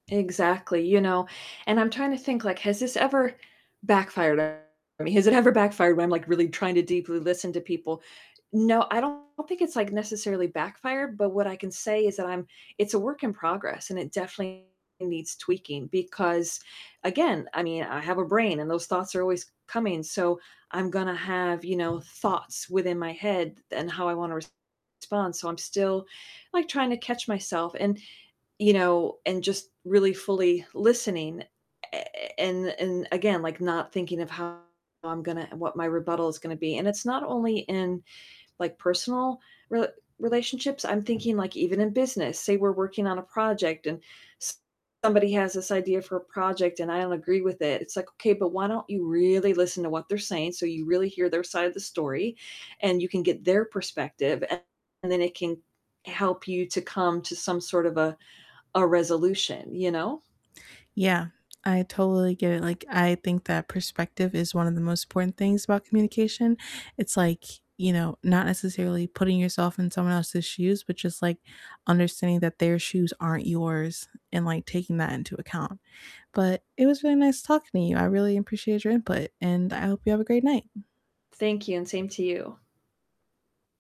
Exactly. You know, and I'm trying to think, like, has this ever backfired on me? Has it ever backfired when I'm, like, really trying to deeply listen to people? No, I don't think it's, like, necessarily backfired, but what I can say is that I'm it's a work in progress, and it definitely needs tweaking because again, I mean, I have a brain and those thoughts are always coming, so I'm gonna have, you know, thoughts within my head and how I wanna respond, so I'm still, like, trying to catch myself and you know, and just really fully listening a a and and again, like, not thinking of how I'm gonna what my rebuttal is gonna be, and it's not only in, like, personal re relationships, I'm thinking, like, even in business, saw we're working on a project and s somebody has this idea for a project and I don't agree with it. It's like, okay, but why don't you really listen to what they're saying so you really hear their side of the story, and you can get their perspective and and then it can help you to come to some sort of a a resolution, you know? Yeah, I totally get it, like, I think that perspective is one of the most important things about communication. It's like, you know, not necessarily putting yourself in someone else's shoes, but just, like, understanding that their shoes aren't yours and, like, taking that into account. But it was really nice talking to you. I really appreciate your input, and I hope you have a great night. Thank you, and same to you.